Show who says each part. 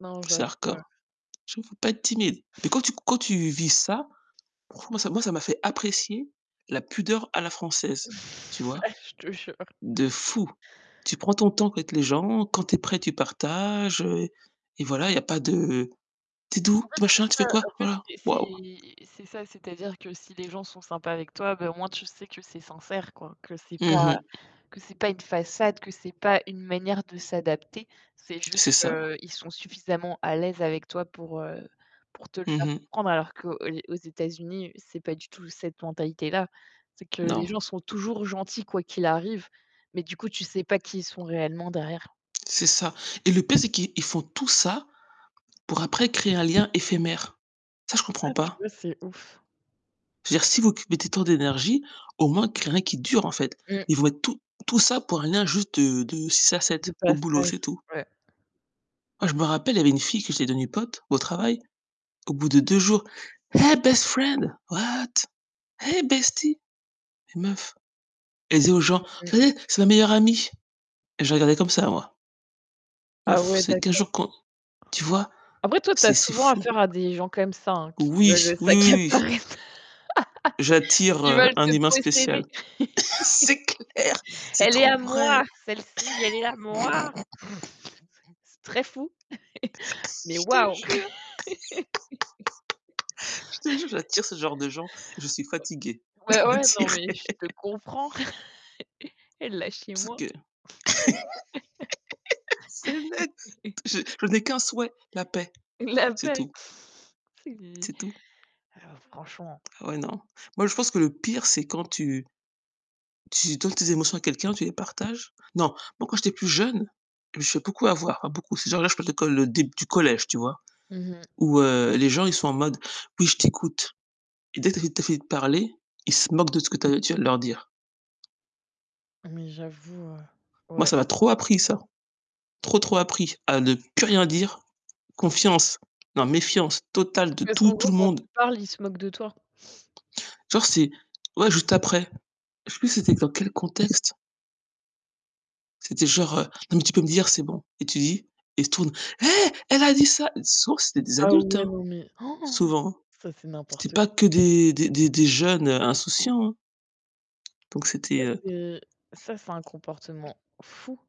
Speaker 1: Non,
Speaker 2: C'est
Speaker 1: j'avoue, heu
Speaker 2: Hardcore. Je veux pas être timide. Mais quand tu quand tu vis ça, franchement moi ça m'a fait moi ça m'a fait apprécier la pudeur à la française, tu vois?
Speaker 1: Ah je te jure.
Speaker 2: De fou. Tu prends ton temps avec les gens, quand tu es prêt tu partages, heu, et voilà, il y pas de: «Tu es d'où,
Speaker 1: En fait,
Speaker 2: tu es
Speaker 1: c'est
Speaker 2: machin, tu fais
Speaker 1: ça.
Speaker 2: quoi?»
Speaker 1: En fait,
Speaker 2: voilà,
Speaker 1: c'est
Speaker 2: Waouh.
Speaker 1: c'est c'est ça, c'est-à-dire que si les gens sont sympas avec toi, ben au moins, tu sais que c'est sincère quoi, que c'est
Speaker 2: Mmh
Speaker 1: pas,
Speaker 2: mh.
Speaker 1: que c'est pas une façade, que c'est pas une manière de s'adapter. C'est juste
Speaker 2: C'est ça.
Speaker 1: qu'ils sont suffisamment à l'aise avec toi pour, heu, pour te le
Speaker 2: Mmh
Speaker 1: faire
Speaker 2: mh.
Speaker 1: comprendre, qu'aux aux États-Unis, c'est pas du tout cette mentalité là. C'est que les
Speaker 2: Non.
Speaker 1: gens sont toujours gentils quoi qu'il arrive, mais du coup, tu sais pas qui ils sont réellement derrière.
Speaker 2: C'est ça. Et le pire, c'est qu'ils ils font tout ça pour après créer un lien éphémère. Ça, je comprends
Speaker 1: Ah tu
Speaker 2: pas.
Speaker 1: vois, c'est ouf.
Speaker 2: Je veux dire si vous occupez tant d'énergie, au moins, créez un lien qui dure, en fait.
Speaker 1: Mmh.
Speaker 2: Ils vont être tout tout ça pour un rien juste de de 6 à
Speaker 1: De
Speaker 2: 7 au boulot,
Speaker 1: passage,
Speaker 2: c'est tout.
Speaker 1: ouais.
Speaker 2: Moi je me rappelle, il y avait une fille que j'étais devenue pote au travail, au bout de 2 jours, «Hey best friend!» «What?» «Hey bestie!» mais meuf. Elle dit aux gens:
Speaker 1: Mmh mh.
Speaker 2: «Attendez, c'est ma meilleure amie» et je regardais comme ça moi
Speaker 1: Ah
Speaker 2: «meuf,
Speaker 1: ouais
Speaker 2: c'est 15
Speaker 1: d'accord.
Speaker 2: jours qu'on» tu vois?
Speaker 1: Après toi, tu as
Speaker 2: C'est c'est
Speaker 1: souvent
Speaker 2: fou.
Speaker 1: affaire à des gens comme ça qui
Speaker 2: Oui,
Speaker 1: veulent
Speaker 2: oui, oui, oui.
Speaker 1: s'accaparer,
Speaker 2: J'attire,
Speaker 1: qui
Speaker 2: heu,
Speaker 1: veulent
Speaker 2: un
Speaker 1: te
Speaker 2: humain
Speaker 1: posséder.
Speaker 2: spécial. C'est clair, c'est
Speaker 1: «Elle est
Speaker 2: trop
Speaker 1: à
Speaker 2: vrai.
Speaker 1: moi celle-ci, elle est à moi.» C'est très fou, mais
Speaker 2: Je te
Speaker 1: waouh.
Speaker 2: jure je te jure, j'attire ce genre de gens, je suis fatigué de
Speaker 1: Ouais, ouais, ouais, non
Speaker 2: l'attirer.
Speaker 1: mais je te comprends, et lâchez
Speaker 2: Sauf
Speaker 1: moi.
Speaker 2: que c'est net. Je je n'ai qu'un souhait, la paix,
Speaker 1: L'apex
Speaker 2: c'est tout.
Speaker 1: c'est et
Speaker 2: C'est tout.
Speaker 1: oh, franchement.
Speaker 2: Ouais non. Moi je pense que le pire c'est quand tu tu donnes tes émotions à quelqu'un, tu les partages. Non, moi quand j'étais plus jeune, je beaucoup avoir, beaucoup ces gens-là, je peux te le col des du collège, tu vois?
Speaker 1: Mmh mh.
Speaker 2: Où heu, les gens ils sont en mode, oui je t'écoute, et dès qu'ils tu as fini fini de parler, ils se moquent de ce que tu tu as de leur dire.
Speaker 1: Mais j'avoue, heu,
Speaker 2: Moi
Speaker 1: ouais.
Speaker 2: ça m'a trop appris ça, trop, trop appris, à ne plus rien dire, confiance, non méfiance totale de
Speaker 1: Parce
Speaker 2: tout,
Speaker 1: qu'en
Speaker 2: tout
Speaker 1: gros
Speaker 2: le
Speaker 1: quand
Speaker 2: monde.
Speaker 1: tu parles, il se moque de toi.
Speaker 2: Genre c'est ouais juste après est ce que c'était, dans quel contexte? C'était genre, heu: «Non mais tu peux me dire, c'est bon» et tu dis, et il se tourne: «Hey, elle a dit ça!» sauf, c'était des
Speaker 1: Ah
Speaker 2: adultes,
Speaker 1: ouais,
Speaker 2: hein,
Speaker 1: non mais
Speaker 2: souvent.
Speaker 1: ça, c'est
Speaker 2: C'était
Speaker 1: n'importe
Speaker 2: pas
Speaker 1: quoi.
Speaker 2: que des des des des jeunes insouciants, hein. Donc
Speaker 1: Ça,
Speaker 2: c'était heu
Speaker 1: c'est ça c'est un comportement fou.